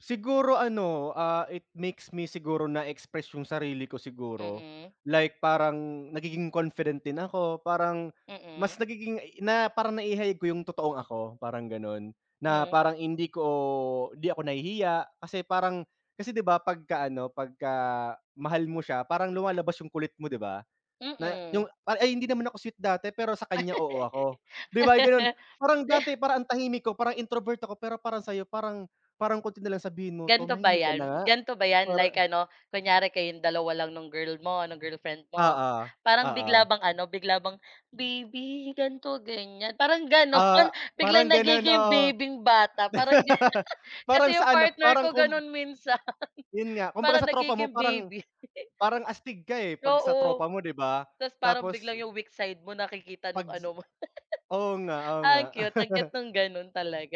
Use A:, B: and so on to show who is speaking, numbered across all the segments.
A: Siguro ano, ah, it makes me siguro na express yung sarili ko siguro
B: Mm.
A: like, parang nagiging confident din ako. Parang mas
B: Mm.
A: nagiging i na parang naihayag ko yung totoong ako, parang ganun, na
B: Hmm.
A: parang hindi ko hindi ako nahihiya kasi parang kasi, di ba, pagka ano, pagka mahal mo siya parang lumalabas yung kulit mo, di ba, na
B: Mm.
A: yung ay ay hindi naman ako sweet dati, pero sa kanya oo ako, di ba, ganun. Parang
B: De
A: dati parang ang tahimik ko, parang introvert ako, pero parang sayo parang parang konti na lang sabihin mo,
B: Ganito ba
A: "Tumahimik ka na
B: 'yan?
A: nga
B: Ganito ba 'yan?
A: para"
B: Like ano, kunyari kayong dalawa lang nung girl mo, ng girlfriend mo,
A: Oo,
B: parang bigla
A: oo.
B: bang ano, bigla bang, "Baby, ganito, ganyan." Parang
A: Ah,
B: gano'n biglang
A: parang ganun,
B: nagiging
A: oo.
B: baby'ng bata parang di
A: Parang
B: kasi yung
A: sa ano,
B: partner
A: parang
B: ko
A: kum
B: gano'n minsan
A: Yun nga. Kumbaga
B: parang
A: sa tropa mo
B: nagiging
A: parang
B: baby.
A: parang astig ka, eh, pag sa tropa
B: Oo,
A: mo, di ba?
B: tapos parang biglang
A: Tapos
B: yung weak side mo nakikita
A: Pag
B: nung
A: s
B: ano mo.
A: oo nga, oo nga.
B: Ang cute, ang cute nung gano'n talaga.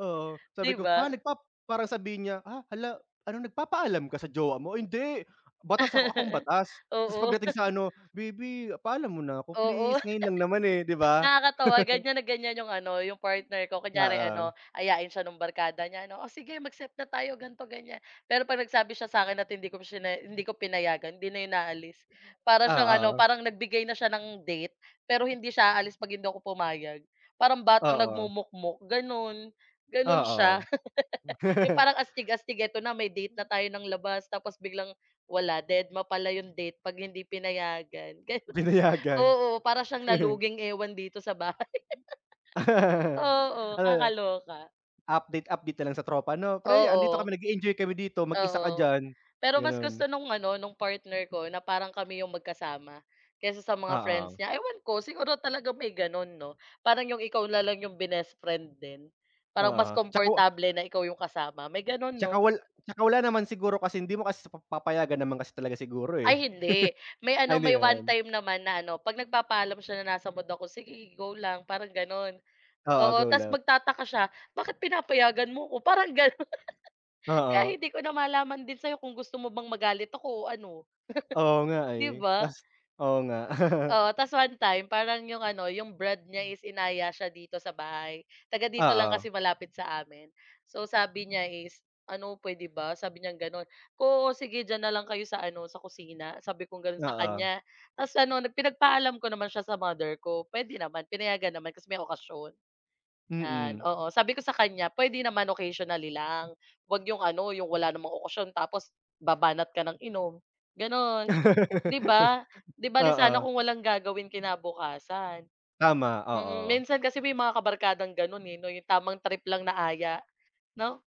A: Oo,
B: Di
A: sabi ko,
B: ba?
A: "Ha, nagpap" para sabihin niya, "Ah, hala ano, nagpapaalam ka sa jowa mo?" "Hindi, batas ako. Ako ang batas." Tapos
B: Oo.
A: pagdating sa ano, "Baby, paalam muna ako
B: Oo.
A: please. Ngayon lang naman, eh." Di ba?
B: Nakakatawa ganyan na ganyan yung ano, yung partner ko. Kunyari
A: Oo.
B: ano, ayain siya no'ng barkada niya ano, "Oh, sige mag-set na tayo ganito, ganyan." Pero 'pag nagsabi siya sa'kin at hindi ko shiney hindi ko pinayagan, hindi na yun aalis. Para siyang ano,
A: Oo.
B: parang nagbigay na siya ng date, pero hindi siya aalis 'pag hindi ako pumayag. Parang batang
A: Oo.
B: nagmumukmok, gano'n, gano'n siya.
A: Oo.
B: 'Yong parang astig-astig, "Ito na may date na tayo ng labas," tapos biglang wala, dedma pala 'yong date 'pag hindi pinayagan, gano'n.
A: Pinayagan.
B: Oo, para siyang naluging ewan dito sa bahay. Oo,
A: Ano ne
B: kakaloka.
A: update-update na lang sa tropa, no? "Pre, 'andito
B: Oo.
A: kami nag-e-enjoy kami dito, mag-isa ka
B: Oo.
A: diyan."
B: Pero mas
A: Ganun.
B: gusto nung ano, nung partner ko na parang kami yung magkasama kaysa sa mga friends
A: Oo.
B: niya. Ewan ko, siguro talaga may gano'n, 'no? Parang yung ikaw na lang yung binest friend din. Parang mas
A: Oo, tsaka wa
B: komportable na ikaw yung kasama, may gano'n
A: Tsaka
B: 'no?
A: wal tsaka wala naman siguro kasi hindi mo kasi pap papayagan naman kasi talaga siguro, eh.
B: Ay hindi. May
A: Ay,
B: ano,
A: hindi
B: may 1
A: naman.
B: time naman na ano, 'pag nagpapaalam siya na nasa mood ako, "Sige go lang," parang gano'n.
A: Oo,
B: Oo,
A: go
B: tapos
A: lang.
B: magtataka siya, "Bakit pinapayagan mo ko?" Parang gano'n. Kaya
A: Oo.
B: hindi ko na malaman din sa'yo kung gusto mo bang magalit ako o ano.
A: Oo nga,
B: Di
A: eh,
B: ba?
A: tapos oo, nga.
B: Oo, tapos 1 time parang 'yong ano, 'yong brad niya
A: Hmm.
B: is inaya siya dito sa bahay, taga dito lang
A: Oo.
B: kasi malapit sa amin. So, sabi niya is, "Ano, puwede ba?" Sabi niyang gano'n, "Oo, sige diyan na lang kayo sa ano, sa kusina." Sabi kong gano'n sa
A: Oo.
B: kanya. Tapos ano, pinagpaalam ko naman siya sa mother ko, pwede naman, pinayagan naman kasi may okasyon. 'Yan,
A: Mm.
B: oo. Sabi ko sa kanya, "Puwede naman occasionally lang. Huwag 'yong ano, 'yong wala namang okasyon tapos babanat ka ng inom," gano'n, 'di ba? 'Di bale sana
A: Oo.
B: kung walang gagawin kinabukasan.
A: Tama,
B: Mm,
A: oo.
B: minsan kasi may mga kabarkang ganun, eh, 'no, yung tamang trip lang na aya, 'no?